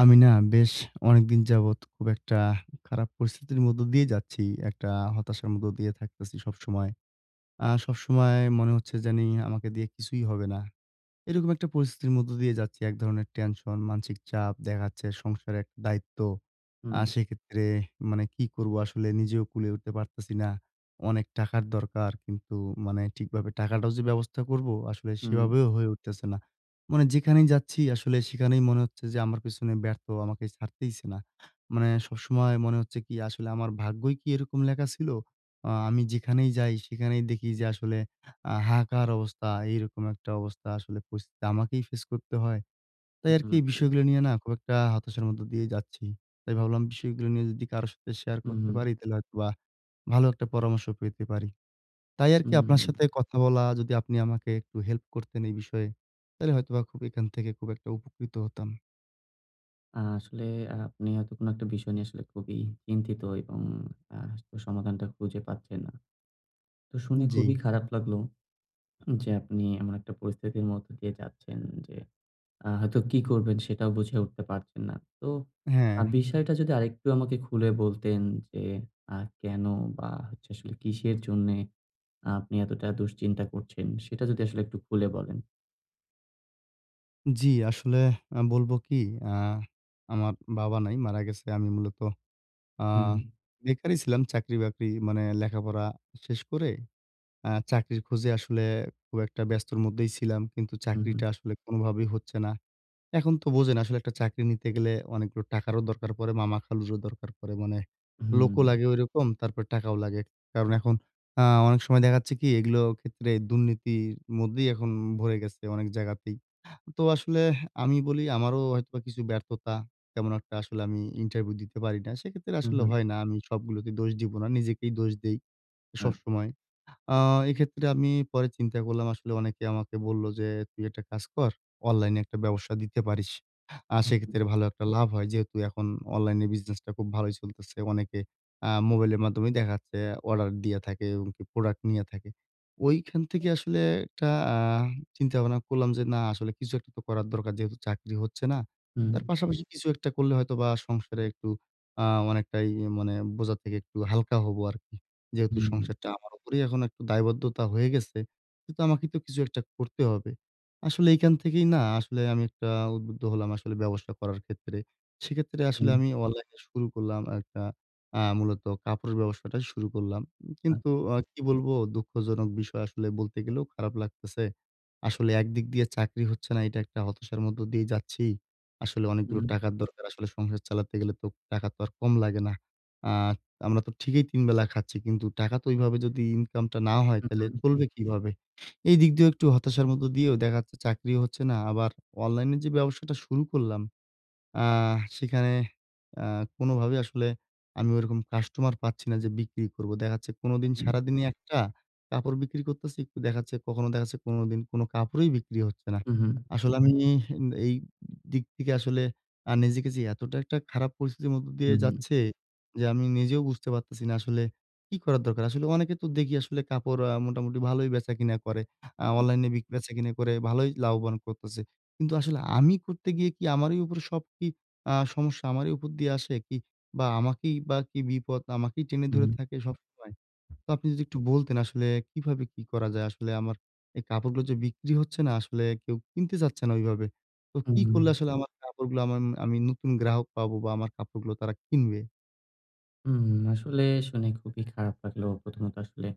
আমি না বেশ অনেকদিন যাবৎ খুব একটা খারাপ পরিস্থিতির মধ্য দিয়ে যাচ্ছি। একটা হতাশার মধ্য দিয়ে থাকতেছি সবসময়। আ সবসময় মনে হচ্ছে জানি আমাকে দিয়ে কিছুই হবে না। এরকম একটা পরিস্থিতির মধ্য দিয়ে যাচ্ছি। এক ধরনের টেনশন, মানসিক চাপ দেখা যাচ্ছে, সংসারের দায়িত্ব। আর হুম। সেক্ষেত্রে মানে কি করবো? আসলে নিজেও কুলে উঠতে পারতেছি না। অনেক টাকার দরকার। কিন্তু মানে ঠিকভাবে টাকাটাও যে ব্যবস্থা করবো আসলে, হুম। সেভাবেও হয়ে উঠতেছে না। মানে যেখানেই যাচ্ছি আসলে সেখানেই মনে হচ্ছে যে আমার পেছনে ব্যর্থ আমাকে ছাড়তেইছে না। মানে সবসময় মনে হচ্ছে কি? আসলে আমার ভাগ্যই কি এরকম লেখা ছিল? আ আমি যেখানেই যাই, সেখানেই দেখি যে আসলে আ হাহাকার অবস্থা। এইরকম একটা অবস্থা আসলে পরিস্থিতি আমাকেই ফেস করতে হয়। হু। তাই আরকি [unintelligible] বিষয়গুলো নিয়ে না খুব একটা হতাশার মধ্যে দিয়ে যাচ্ছি। তাই ভাবলাম বিষয়গুলো নিয়ে যদি কারো সাথে শেয়ার হু, করতে হুম। পারি তাহলে হয়তোবা ভালো একটা পরামর্শ পেতে পারি। তাই আরকি আপনার হুম। সাথে কথা বলা। যদি আপনি আমাকে একটু হেল্প করতেন এই বিষয়ে, তাইলে হয়তোবা খুব এখান থেকে খুব একটা উপকৃত হতাম। আ আসলে আপনি হয়তো কোনো একটা বিষয় নিয়ে আসলে খুবই চিন্তিত এবং আ সমাধানটা খুঁজে পাচ্ছেন না। তো শুনে জি। খুবই খারাপ লাগলো যে আপনি এমন একটা পরিস্থিতির মধ্য দিয়ে যাচ্ছেন যে আ হয়তো কি করবেন? সেটাও বুঝে উঠতে পারছেন না। তো আ হ্যা। বিষয়টা যদি আরেকটু আমাকে খুলে বলতেন যে আ কেন বা, হচ্ছে আসলে কিসের জন্যে আপনি এতটা দুশ্চিন্তা করছেন? সেটা যদি আসলে একটু খুলে বলেন। জি, আসলে আ বলবো কি? আ আমার বাবা নাই, মারা গেছে। আমি মূলত আ হুম। বেকারই ছিলাম চাকরি-বাকরি মানে লেখাপড়া শেষ করে আ চাকরির খোজে আসলে খুব একটা ব্যস্তর মধ্যেই ছিলাম। কিন্তু হুম, হুম। চাকরিটা আসলে কোনভাবেই হচ্ছে না। এখন তো বোঝেন, আসলে একটা চাকরি নিতে গেলে অনেকগুলো টাকারও দরকার পড়ে। মামা, খালুরও দরকার পড়ে। মানে লোকও হুম। লাগে ঐরকম, তারপর টাকাও লাগে। কারণ এখন আ অনেক সময় দেখা যাচ্ছে কি? এগুলোও ক্ষেত্রে দুর্নীতির মধ্যেই এখন ভরে গেছে অনেক জায়গাতেই। তো আসলে এহ আমি বলি আমারও হয়তোবা কিছু ব্যর্থতা। তেমন একটা আসলে আমি ইন্টারভিউ দিতে পারি না। সেক্ষেত্রে হুম, আসলে হুম। হয় না। আমি সবগুলোতে দোষ দিব না, নিজেকেই দোষ দেই আ সবসময়। আ এক্ষেত্রে আমি পরে চিন্তা করলাম আসলে অনেকে আমাকে বললো যে, "তুই একটা কাজ কর। অনলাইনে একটা ব্যবসা দিতে পারিস। আ হু, হু। সেক্ষেত্রে ভালো একটা লাভ হয়।" যেহেতু এখন অনলাইনে বিজনেসটা খুব ভালোই চলতেছে। অনেকে আ মোবাইলের মাধ্যমে দেখা যাচ্ছে, অর্ডার দিয়া থাকে এবং কি প্রোডাক্ট নিয়া থাকে। ঐখান থেকে আসলে একটা আ চিন্তা ভাবনা করলাম যে না আসলে কিছু একটা তো করার দরকার। যেহেতু চাকরি হচ্ছে না। হুম। তার পাশাপাশি কিছু একটা করলে হয়তোবা সংসারে একটু আ অনেকটাই মানে এ বোঝার থেকে একটু হালকা হবো আরকি। যেহেতু হুম, হু। সংসারটা আমার উপরেই, এখন একটু দায়বদ্ধতা হয়ে গেছে। কিন্তু আমাকে তো কিছু একটা করতে হবে। আসলে এখান থেকেই না আসলে আমি একটা উদ্বুদ্ধ হলাম আসলে ব্যবসা করার ক্ষেত্রে। সেক্ষেত্রে আসলে হুম। আমি অনলাইনে শুরু করলাম একটা আ মূলত কাপড়ের ব্যবসাটা শুরু করলাম। কিন্তু আচ্ছা। আ কি বলবো দুঃখজনক বিষয়? আসলে বলতে গেলেও খারাপ লাগতেছে। আসলে একদিক দিয়ে চাকরি হচ্ছে না, এটা একটা হতাশার মধ্য দিয়েই যাচ্ছি। আসলে অনেকগুলো হুম। টাকার দরকার। আসলে সংসার চালাতে গেলে তো টাকা তো আর কম লাগে না? আ আমরা তো ঠিকই ৩ বেলা খাচ্ছি। কিন্তু টাকা তো ঐভাবে যদি ইনকামটা না হয় উ তাইলে হু। চলবে কিভাবে? এইদিক দিয়েও একটু হতাশার মধ্য দিয়েও দেখা যাচ্ছে চাকরিও হচ্ছে না। আবার অনলাইনে যে ব্যবসাটা শুরু করলাম আহ সেখানে আ কোনভাবেই আসলে আমি ওরকম কাস্টমার পাচ্ছি না যে বিক্রি করবো। দেখা যাচ্ছে উ কোনদিন হু। সারাদিনই একটা কাপড় বিক্রি করতেছি। একটু দেখা যাচ্ছে কখনো দেখা যাচ্ছে ১৫ দিন কোন কাপড়ই বিক্রি হচ্ছে না। হু, হু। আসলে আমি ন এই দিক থিকে আসলে আ নিজেকে যে এতটা একটা খারাপ পরিস্থিতির মধ্য হু, দিয়ে হুম। যাচ্ছে যে, আমি নিজেও বুঝতে পারতেছি না আসলে কি করার দরকার। আসলে অনেকের তো দেখি আসলে কাপড় আ মোটামুটি ভালোই বেচা কিনা করে, আ হু, হু। অনলাইনে বিক বেচা-কিনা করে ভালোই লাভবান করতেছে। কিন্তু আসলে আমি করতে গিয়ে কি আমারই উপর সব কি আ সমস্যা আমারই উপর দিয়ে আসে কি? বা, আমাকেই বা কি বিপদ আমাকেই টেনে হু, ধরে হুম। থাকে সবসময়? তো আপনি যদি একটু বলতেন আসলে কীভাবে কি করা যায়? আসলে আমার এই কাপড়গুলো যে বিক্রি হচ্ছে না, আসলে কেউ কিনতে চাচ্ছে না ওইভাবে। তো উম কী করলে হু। আসলে আমার কাপড়গুলা আমাম আমি নতুন গ্রাহক পাবো? বা, আমার কাপড়গুলো তারা কিনবে? হুম, আসলে শুনে খুবই খারাপ লাগলো, প্রথমত আসলে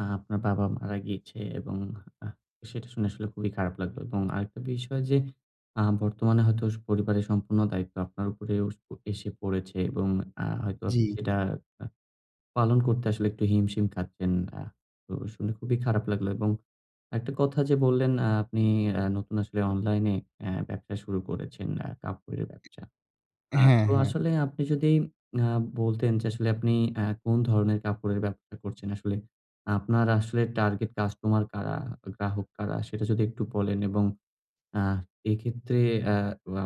আ আপনার বাবা মারা গিয়েছে এবং আ সেটা শুনে আসলে খুবই খারাপ লাগলো এবং আরেকটা বিষয় যে আ বর্তমানে হয়তো স পরিবারের সম্পূর্ণ দায়িত্ব আপনার উপরেও এসে পড়েছে এবং আ হয়তো জি। সেটা আ পালন করতে আসলে একটু হিমশিম খাচ্ছেন। আ তো শুনে খুবই খারাপ লাগলো এবং একটা কথা যে বললেন আ আপনি আ নতুন আসলে অনলাইনে অ্যা ব্যবসা শুরু করেছেন, আ কাপড়ের ব্যবসা। আ হ্যাঁ, তো হ্যাঁ। আসলে আপনি যদি আ বলতেন যে আসলে আপনি আ কোন ধরনের কাপড়ের ব্যবসা করছেন? আসলে আপনার আসলে টার্গেট কাস্টমার কারা? গ্রাহক কারা? সেটা যদি একটু বলেন এবং আ এক্ষেত্রে আ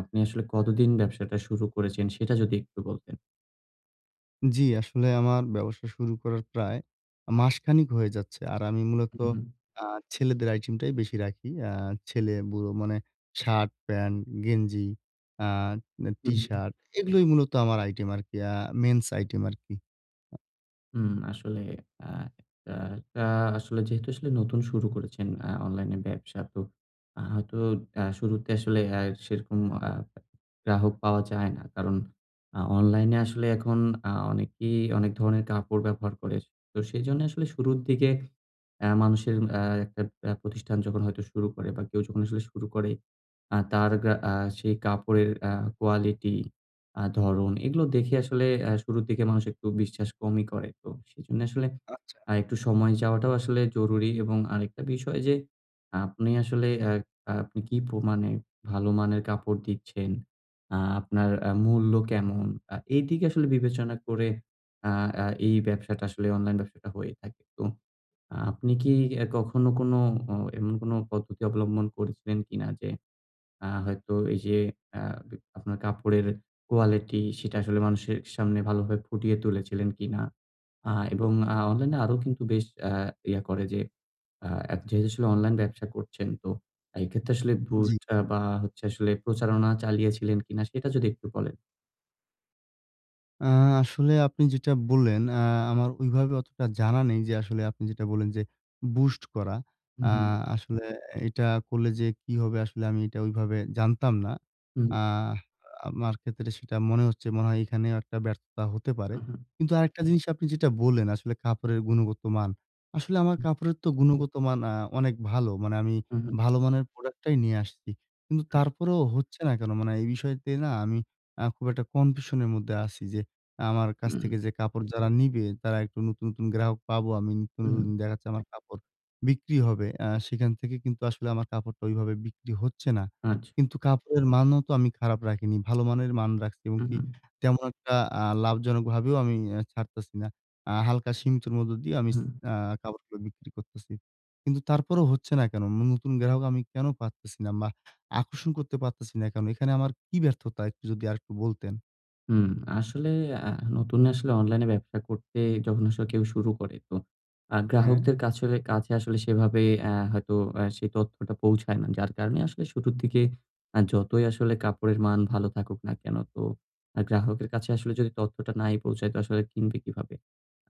আপনি আসলে কতদিন ব্যবসাটা শুরু করেছেন? সেটা যদি একটু বলতেন। জি, আসলে আমার ব্যবসা শুরু করার প্রায় আ মাসখানেক হয়ে যাচ্ছে। আর আমি মূলত উ হুম। আ ছেলেদের আইটেমটাই বেশি রাখি। আ ছেলে, বুড়ো মানে শার্ট, প্যান্ট, গেঞ্জি, আ হু, হুম। টিশার্ট এগুলোই মূলত আমার আইটেম আরকি। আ men's item আরকি। হুম আসলে আ আ টা আসলে যেহেতু আসলে নতুন শুরু করেছেন আ অনলাইন ব্যবসা তো আ হয়তো আ শুরুতে আসলে এ সেরকম আ গ্রাহক পাওয়া যায় না। কারণ আ অনলাইনে আসলে এখন আ অনেকেই অনেক ধরনের কাপড় ব্যবহার করে। তো সেইজন্যে আসলে শুরুর দিকে আ মানুষের আ একটা আ প্রতিষ্ঠান যখন হয়তো শুরু করে বা কেউ যখন আসলে শুরু করে আ তার গা আ সেই কাপড়ের আ quality, আ ধরন এগুলো দেখে আসলে আ শুরুর দিকে মানুষ একটু বিশ্বাস কমই করে। তো সেজন্যে আসলে আচ্ছা। আ একটু সময় যাওয়াটাও আসলে জরুরী এবং আরেকটা বিষয় যে আপনি আসলে আ আ আপনি কি প্রমাণে ভালো মানের কাপড় দিচ্ছেন, আ আপনার আ মূল্য কেমন? আ এদিকে আসলে বিবেচনা করে আ আ এই ব্যাবসাটা আসলে অনলাইন ব্যাবসাটা হয়ে থাকে। তো আপনি কি অ্যা কখনো কোন অ এমন কোনো পদ্ধতি অবলম্বন করেছেন কি না যে, আ হয়তো এই যে আ বি আপনার কাপড়ের কোয়ালিটি সেটা আসলে মানুষের সামনে ভালোভাবে ফুটিয়ে তুলেছিলেন কিনা? আ এবং অ্যা অনলাইনে আরো কিন্তু বেশ আ ইয়ে করে যে আ এত যেহেতু আসলে অনলাইন ব্যবসা করছেন তো এক্ষেত্রে আসলে জ্বী। boost আ বা হচ্ছে আসলে প্রচারণা চালিয়েছিলেন কিনা? সেটা যদি একটু বলেন। আ আসলে আপনি যেটা বললেন আ আমার ওইভাবে অতটা জানা নেই যে আসলে আপনি যেটা বললেন যে boost করা। হুম, আ হুম। আসলে এটা করলে যে কি হবে আসলে আমি এটা ওইভাবে জানতাম না। হুম। আহ আমার ক্ষেত্রে সেটা মনে হচ্ছে মনে হয় এখানেও একটা ব্যর্থতা হতে পারে। উহুম। কিন্তু আরেকটা জিনিস আপনি যেটা বললেন, আসলে কাপড়ের গুণগত মান। আসলে আমার হুম। কাপড়ের তো গুণগত মান আ অনেক ভালো। মানে আমি উহুম। ভালো মানের product টাই নিয়ে আসছি। কিন্তু আচ্ছা। তারপরেও হচ্ছে না কেন? মানে এই বিষয়তে না আমি আ খুব একটা কনফিউশন এর মধ্যে আছি যে আমার কাছ হুম। থেকে যে কাপড় যারা নিবে তারা একটু নতুন, নতুন গ্রাহক পাবো আমি নতুন, হুম। নতুন দেখা যাচ্ছে কাপড় বিক্রি হবে। আ সেখান থেকে কিন্তু আসলে আমার কাপড়টা ঐভাবে বিক্রি হচ্ছে না। আচ্ছা। কিন্তু কাপড়ের মানও তো আমি খারাপ রাখিনি। ভালো মানের মান রাখছি এবং কি উহুম। তেমন একটা আ লাভজনক ভাবেও আমি ছাড়তেছি না। আ হালকা সীমিতর মধ্যে দিয়ে আমি হুম। আ কাপড়গুলো বিক্রি করতেছি। কিন্তু তারপরেও হচ্ছে না কেন? নতুন গ্রাহক আমি কেন পারতেছি না বা আকর্ষণ করতে পারতেছি না কেন? এখানে আমার কী ব্যর্থতা একটু যদি আরেকটু বলতেন? হুম, আসলে আ নতুন আসলে অনলাইন ব্যবসা করতে যখন আসলে কেউ শুরু করে। তো আ হ্যাঁ। গ্রাহকদের কাছোলে কাছে আসলে সেভাবে আ হয়তো আ সেই তথ্যটা পৌঁছায় না। যার কারণে আসলে শুরুর দিকে আ যতই আসলে কাপড়ের মান ভালো থাকুক না কেন, তো আ গ্রাহকের কাছে আসলে যদি তথ্যটা নাই পৌঁছায় তো আসলে কিনবে কিভাবে?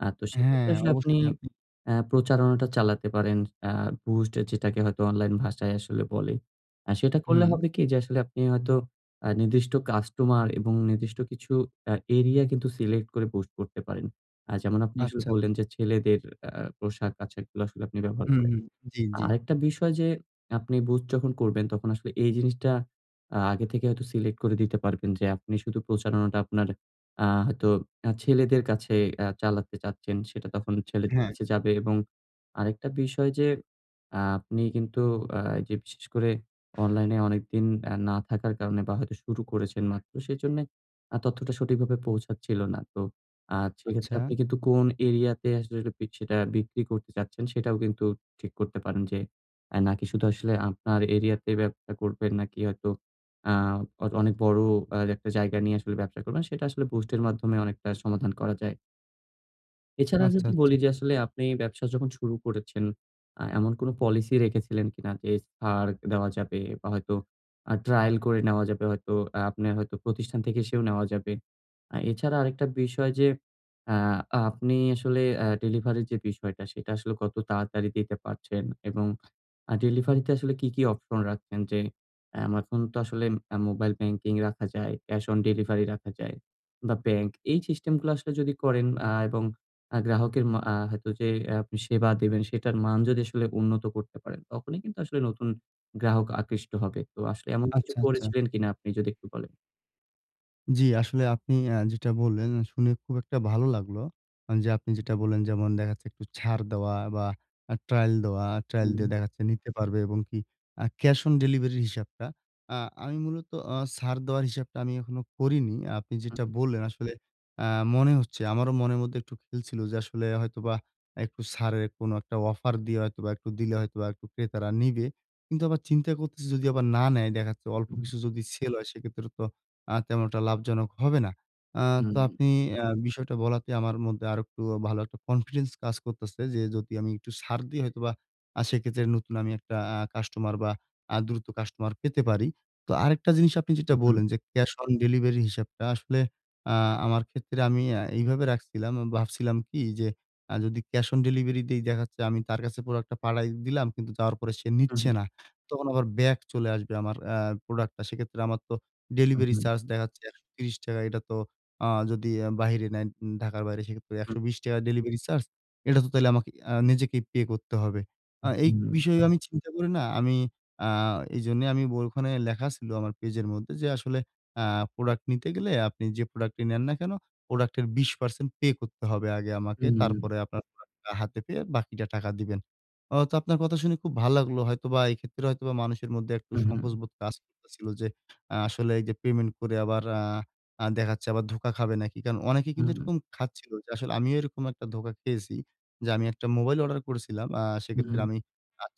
আ তো সেক্ষেত্রে হ্যাঁ, আসলে আপনি অবশ্যই আপনি আ প্রচারণাটা চালাতে পারেন। আ boost যেটাকে হয়তো অনলাইন ভাষায় আসলে বলে। আ সেটা করলে হুম। হবে কি যে আসলে আপনি হয়তো আ নির্দিষ্ট কাস্টমার এবং নির্দিষ্ট কিছু আ এরিয়া কিন্তু সিলেক্ট করে boost করতে পারেন। আ যেমন আপনি আচ্ছা, আসলে আচ্ছা। বললেন যে ছেলেদের আ পোশাক আশাকগুলো আসলে আপনি ব্যবহার হুম, করেন। হুম। জী, জী। আরেকটা বিষয় যে আপনি বুস্ট যখন করবেন তখন আসলে এই জিনিসটা আগে থেকে হয়তো সিলেক্ট করে দিতে পারবেন যে আপনি শুধু প্রচারণাটা আপনার আ হয়তো আ ছেলেদের কাছে আ চালাতে চাচ্ছেন, সেটা তখন ছেলেদের হ্যাঁ। কাছে যাবে এবং আরেকটা বিষয় যে আপনি কিন্তু আ যে বিশেষ করে অনলাইনে অনেকদিন এ না থাকার কারণে বা হয়তো শুরু করেছেন মাত্র, সেজন্যে আ তথ্যটা সঠিকভাবে পৌঁছাচ্ছিল না। তো আ সেক্ষেত্রে আচ্ছা। আপনি কিন্তু কোন এরিয়াতে আসলে সেটা, সেটা বিক্রি করতে চাচ্ছেন সেটাও কিন্তু ঠিক করতে পারেন যে, আ নাকি শুধু আসলে আপনার এরিয়া তে ব্যবসা করবেন নাকি হয়তো আ অন অনেক বড় একটা জায়গা নিয়ে আসলে ব্যবসা করবেন, সেটা আসলে বুস্ট এর মাধ্যমে অনেকটা সমাধান করা যায়। এছাড়া আচ্ছা, যদি আচ্ছা। বলি যে আসলে আপনি ব্যবসা যখন শুরু করেছেন, আ এমন কোন পলিসি রেখেছিলেন কিনা যে ছাড় দেওয়া যাবে বা, হয়তো আ trial করে নেওয়া যাবে, হয়তো আ আপনার হয়তো প্রতিষ্ঠান থেকে এসেও নেওয়া যাবে। আ এছাড়া আরেকটা বিষয় যে আ আপনি আসলে আ ডেলিভারির যে বিষয়টা, সেটা আসলে কত তাড়াতাড়ি দিতে পারছেন এবং আ ডেলিভারিতে আসলে কি, কি অপশন রাখছেন? যে, এম এখন তো আসলে মোবাইল ব্যাংকিং রাখা যায়, ক্যাশ অন ডেলিভারি রাখা যায় বা, ব্যাংক এই সিস্টেমগুলো আসলে যদি করেন আ এবং আ গ্রাহকের মা আ হয়তো যে আপনি সেবা দিবেন, সেটার মান যদি আসলে উন্নত করতে পারেন, তখনই কিন্তু আসলে নতুন গ্রাহক আকৃষ্ট হবে। তো আসলে এমন কিছু আচ্ছা, আচ্ছা। করেছিলেন কিনা? আপনি যদি একটু বলেন। জি, আসলে আপনি আ যেটা বললেন আ শুনে খুব একটা ভালো লাগলো। যে আপনি যেটা বললেন যেমন দেখা যাচ্ছে একটু ছাড় দেওয়া বা, আ trial দেওয়া trial দিয়ে হুম। দেখাচ্ছে নিতে পারবে এবং কি ক্যাশ অন ডেলিভারি হিসাবটা। আ আমি মূলত আ ছাড় দেওয়ার হিসাবটা আমি এখনো করিনি। আপনি হুম, যেটা হুম। বললেন আসলে আ মনে হচ্ছে আমারও মনের মধ্যে একটু খেলছিল যে আসলে হয়তোবা একটু ছাড়ের কোন একটা অফার দিয়ে হয়তোবা একটু দিলে হয়তোবা একটু ক্রেতারা নিবে। কিন্তু আবার চিন্তা করতেছি যদি আবার না নেয় দেখা যাচ্ছে হুম, অল্প হুম। কিছু যদি সেল হয়, সেক্ষেত্রে তো আ তেমন একটা লাভজনক হবে না। আ হুম। তো আপনি আ বিষয়টা বলাতে আমার মধ্যে আরেকটু ভালো একটা কনফিডেন্স কাজ করতেছে যে যদি আমি একটু ছাড় দিই হয়তোবা আ সেইক্ষেত্রে নতুন আমি একটা আ কাস্টমার বা, আ দ্রুত কাস্টমার পেতে পারি। তো আরেকটা জিনিস আপনি যেটা হুম, হুম। বললেন যে ক্যাশ অন ডেলিভারি হিসাবটা আসলে আ আমার ক্ষেত্রে আমি আ এইভাবে রাখছিলাম। ভাবছিলাম কি? যে আ যদি ক্যাশ অন ডেলিভারি দেই, দেখা যাচ্ছে আমি তার কাছে পুরো একটা পাঠায় দিলাম, কিন্তু যাওয়ার পরে সে নিচ্ছে হুম। না। তখন আবার ব্যাক চলে আসবে আমার আ প্রোডাক্টটা। সেক্ষেত্রে আমার তো হুম, ডেলিভারি হুম। চার্জ দেখাচ্ছে ৳১৩০ এটা তো আ যদি বাহিরে নেয়, ঢাকার বাইরে সেক্ষেত্রে একশো হুম। বিশ টাকা ডেলিভারি চার্জ। এটা তো তাহলে আমাকে আ নিজেকেই পে করতে হবে। আ হু, এই হুম। বিষয়ে আমি চিন্তা করি না, আমি আ এইজন্য আমি ওইখানে ব লেখা ছিল, "আমার পেজের মধ্যে যে আসলে আ প্রোডাক্ট নিতে গেলে আপনি যে প্রোডাক্টটি নেন না কেন, প্রোডাক্টের ২০% পে করতে হবে আগে আমাকে। হুম, হুম, হুম। তারপরে আপনার প্রোডাক্টটা হাতে পেয়ে বাকিটা টাকা দিবেন।" অ তো আপনার কথা খুব ভালো লাগলো হয়তোবা এক্ষেত্রে হয়তোবা মানুষের মধ্যে একটু হুম, হুম। সংকোচ বোধ কাজ করতেছিল যে আ আসলে এইযে, "পেমেন্ট করে আবার আ দেখা যাচ্ছে আবার ধোকা খাবে নাকি।" কারণ অনেকে কিন্তু হুম। এরকম খাচ্ছিল যে আসলে আমিও এরকম একটা ধোকা খেয়েছি যে আমি একটা মোবাইল অর্ডার করেছিলাম, আ সেইক্ষেত্রে হুম। আমি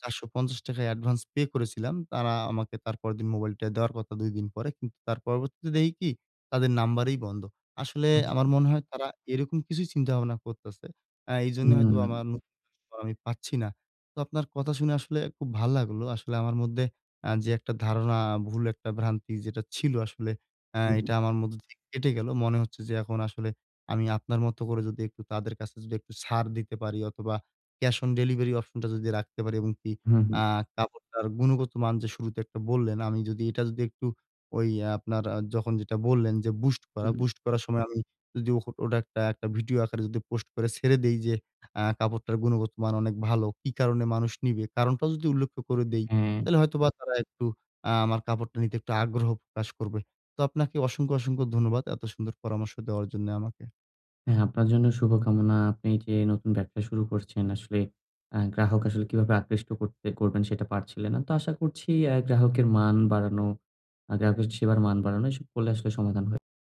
৳৪৫০ য় অ্যাডভান্স পে করেছিলাম। তারা আমাকে তার পরেরদিন মোবাইলটা দেওয়ার কথা। ২ দিন পরে। কিন্তু তার পরবর্তীতে দেখি কি? তাদের নাম্বারেই বন্ধ। আসলে আচ্ছা। আমার মনে হয় তারা এরকম কিছুই চিন্তাভাবনা করতেছে। আ এইজন্য হয়তোবা হুম। আমার [unintelligible] আমি পাচ্ছি না। তো আপনার কথা শুনে আসলে খুব ভাল লাগলো। আসলে আমার মধ্যে আ যে একটা ধারণা, ভুল একটা ভ্রান্তি যেটা ছিল আসলে আ হুম। এটা আমার মধ্যে থেকে কেটে গেল। মনে হচ্ছে যে এখন আসলে আমি আপনার মতো করে যদি একটু তাদের কাছে যদি একটু ছাড় দিতে পারি অথবা, ক্যাশ অন ডেলিভারি অপশনটা যদি রাখতে পারি এবং কি হুম, হুম। আ কাপড়টার গুণগত মান যে শুরুতে একটা বললেন আমি যদি এটা যদি একটু ওই আপনার আ যখন যেটা বললেন যে boost করা, হুম। boost করার সময় আমি যদি অ ওটা একটা ভিডিও আকারে যদি পোস্ট করে ছেড়ে দেই যে আ কাপড়টার গুণগত মান অনেক ভালো। কি কারণে মানুষ নিবে, কারণটাও যদি উল্লেখ্য করে দেই, হ্যাঁ। তাহলে হয়তোবা তারা একটু আ আমার কাপড়টা নিতে একটু আগ্রহ প্রকাশ করবে। তো আপনাকে অসংখ্য, অসংখ্য ধন্যবাদ এত সুন্দর পরামর্শ দেওয়ার জন্য আমাকে। হ্যাঁ, আপনার জন্য শুভকামনা। আপনি যে নতুন ব্যবসা শুরু করছেন আসলে আ গ্রাহক আসলে কিভাবে আকৃষ্ট করতে করবেন সেটা পারছিলেন না। তো আশা করছি আ গ্রাহকের মান বাড়ানো, আ গ্রাহকের সেবার মান বাড়ানো, এসব করলে আসলে সমাধান হয়।